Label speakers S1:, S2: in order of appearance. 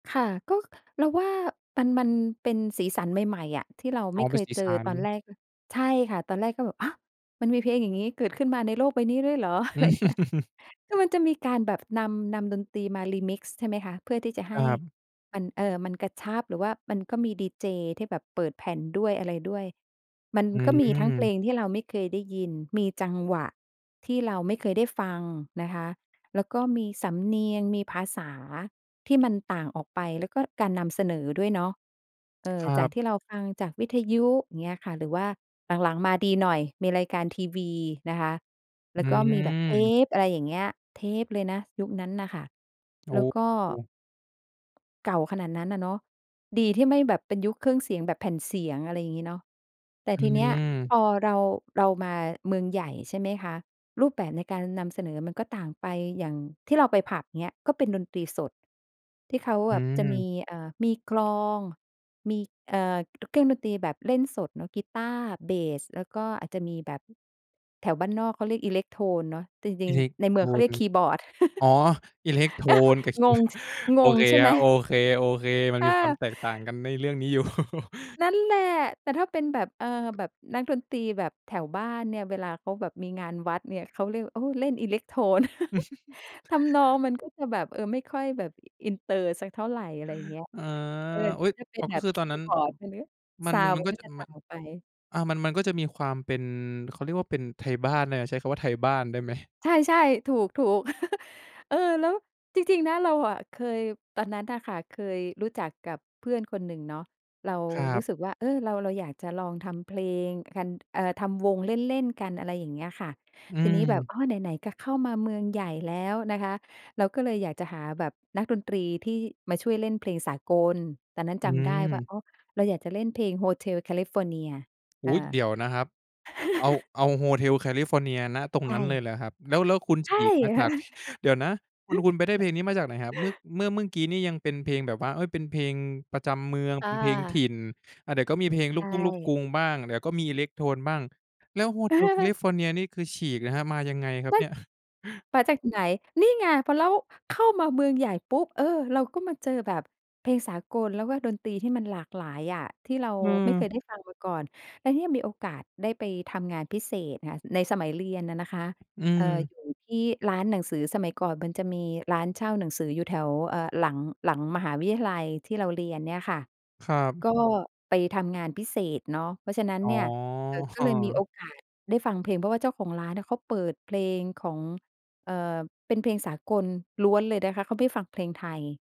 S1: ค่ะ ก็เราว่า มัน มันเป็นสีสันใหม่ ๆ อะ ที่เรา
S2: อ
S1: ไ
S2: ๋
S1: ม
S2: อ
S1: ่
S2: เ
S1: เ
S2: ป
S1: ค
S2: ็น
S1: ย
S2: สี
S1: เจ
S2: ส
S1: อ
S2: ัน
S1: ตอนแรก ใช่ค่ะ ตอนแรกก็แบบ ฮะ มันมีเพลงอย่างงี้เกิดขึ้นมาในโลกใบนี้ด้วยเหรอ อะไรอย่างเงี้ย คือมันจะมีการแบบ นำ นำดนตรีมา Remix ใช่ไหมคะ เพื่อที่จะใ
S2: ค
S1: ห้
S2: รับ
S1: มัน เออ มันกระชับ หรือว่ามันก็มีดีเจที่แบบเปิดแผ่นด้วยอะไรด้วย มัน
S2: อื
S1: ก็มีทั้งเพล
S2: ม
S1: งที่เราไม่เคยได้ยิน มีจังหวะ ที่เราไม่เคยได้ฟังนะคะ แล้วก็มีสำเนียงมีภาษาที่มันต่างออกไป แล้วก็การนำเสนอด้วยเนาะ เอ
S2: ค
S1: อ
S2: ร
S1: จ
S2: ั
S1: าก
S2: บ
S1: ที่เราฟังจากวิทยุ อย่างเงี้ยค่ะ หรือว่าหลัง ๆ มาดีหน่อย มีรายการทีวีนะคะ แล
S2: อ
S1: ้วก็มีแบบ เท
S2: ือ
S1: ป อะไรอย่างเงี้ย เทปเลยนะยุคนั้นน่ะค่ะ
S2: โอ้
S1: แล้วก็
S2: โฮ
S1: เก่าขนาดนั้นอะเนาะ ดีที่ไม่แบบเป็นยุคเครื่องเสียงแบบแผ่นเสียง อะไรอย่างงี้เนาะ แต่
S2: อื
S1: ทีเนี้ย
S2: อ
S1: พอ เรา เรามาเมืองใหญ่ ใช่ไหมคะ รูปแบบในการนำเสนอมันก็ต่างไป อย่างที่เราไปผับ อย่างเงี้ย ก็เป็นดนตรีสด ที่เขา
S2: อื
S1: อะจะม
S2: อ
S1: ี เอ่อ มีกลอง มี เอ่อ เครื่องดนตรีแบบเล่นสดเนาะ กีต้าร์ เบส แล้วก็อาจจะมีแบบ แถวบ้านนอกเขาเรียกอิเล็กโทนเนาะ จร
S2: อ
S1: ิ
S2: ิ
S1: ง
S2: เล็ก
S1: ๆ ในเ
S2: โ
S1: ม
S2: ท
S1: ืองเขาเร
S2: น
S1: ียกคีย์บอร์ด
S2: อ๋อ อิเล็กโทน [unintelligible]
S1: งง ช
S2: โ
S1: ง
S2: อ
S1: ง
S2: เค
S1: ใช่ไ
S2: ค
S1: ห
S2: ร
S1: ม?
S2: ับ โอเค ๆ มัน
S1: อ
S2: มีความ
S1: า
S2: แตกต่างกันในเรื่องนี้ อยู่
S1: นั่นแหละ แต่ถ้าเป็นแบบ เอ่อ แบบนักดนตรีแบบแถวบ้านเนี่ย เวลาเขาแบบมีงานวัดเนี่ย เขาเรียก เออ เล่นอิเล็กโทน ทำนองมันก็จะแบบ เออ ไม่ค่อยแบบอินเตอร์สักเท่าไร อะไรเงี้ย
S2: อา
S1: เออ
S2: อุ
S1: ก
S2: ๊
S1: ็
S2: ย!
S1: จะเป็
S2: อ๋
S1: น
S2: อ
S1: แ
S2: ก็
S1: บบ
S2: คือ
S1: ค
S2: ตอน
S1: ี
S2: นั
S1: ย
S2: ้
S1: ์
S2: น
S1: บอร์ด ใช่ไหม
S2: มั
S1: ซ
S2: น
S1: าวนด
S2: ม
S1: ์
S2: ัน
S1: มั
S2: ก
S1: น
S2: ็
S1: ก็
S2: จะ
S1: จะต
S2: ม
S1: ่
S2: ั
S1: าง
S2: น
S1: ออกไป
S2: อา มัน มันก็จะมีความเป็น เขาเรียกว่า เป็นไทยบ้านน่ะ ใช้คำว่าไทยบ้านได้ไหม?
S1: ใช่ ๆ ถูก ๆ เออ แล้วจริง ๆ นะ เราอะเคย ตอนนั้นน่ะค่ะ เคยรู้จักกับเพื่อนคนหนึ่งเนาะ เรา
S2: คร
S1: รู
S2: ับ
S1: ้สึกว่า เออ เรา เราอยากจะลองทำเพลงกัน เอ่อ ทำวงเล่น ๆ กัน อะไรอย่างเงี้ยค่ะ
S2: อื
S1: ทีนี้แบบ
S2: ม
S1: อ้อ ไหน ๆ ก็เข้ามาเมืองใหญ่แล้วนะคะ เราก็เลยอยากจะหาแบบนักดนตรีที่มาช่วยเล่นเพลงสากล ตอนนั้น
S2: อื
S1: จำได้ว่า
S2: ม
S1: อ๋อ เราอยากจะเล่นเพลง Hotel California เ
S2: อ
S1: อ
S2: ุ๊ย!
S1: อ
S2: เดี๋ยวนะครับ เอา เอา Hotel California ณ ตรง
S1: ใช
S2: นั้นเล
S1: ่
S2: ยเหรอครับ แล้ว แล้วคุณ
S1: ใช
S2: ฉ
S1: ่
S2: ีกมาจาก เดี๋ยวนะ คุณ คุณไปได้เพลงนี้มาจากไหนครับ เมื่อ เมื่อกี้นี่ยังเป็นเพลงแบบว่า เอ๊ย เป็นเพลงประจำเมือง
S1: อ
S2: เป็นเพลงถิ
S1: า
S2: ่น อ่า เดี๋ยวก็มีเพลงล
S1: ใ
S2: ู
S1: ช
S2: กทุ่ง ลูกกร
S1: ่
S2: ุงบ้าง เดี๋ยวก็มีอิเล็กโทนบ้าง แล้ว Hotel California นี่ คือฉีกนะครับ มายังไงครับ
S1: มัน
S2: เนี่ย?
S1: มาจากไหน นี่ไง พอ แล้วเข้ามาเมืองใหญ่ปุ๊บ เออ เราก็มาเจอแบบเพลงสากล แล้วก็ดนตรีที่มันหลากหลายอะ ที่เรา
S2: อื
S1: ไม่เค
S2: อ
S1: ยได้ฟังมาก่อน แล้วเนี่ยมีโอกาสได้ไปทำงานพิเศษค่ะ ในสมัยเรียนอะนะคะ
S2: อื
S1: เอ่อ อ
S2: อ
S1: ยู่ที่ร้านหนังสือ สมัยก่อนมันจะมีร้านเช่าหนังสืออยู่แถว เอ่อ หลัง หลังมหาวิทยาลัยที่เราเรียนเนี่ยค่ะ
S2: ครับ
S1: ก็ไปทำงานพิเศษเนาะ เพราะฉะนั้น
S2: อ๋
S1: เน
S2: อ
S1: ี่ย เอ่อ ก็เลยมีโอกาสได้ฟังเพลง เพราะว่าเจ้าของร้านอะเขาเปิดเพลงของ เอ่อ เป็นเพลงสากลล้วนเลยนะคะ เขาไม่ฟังเพลงไทย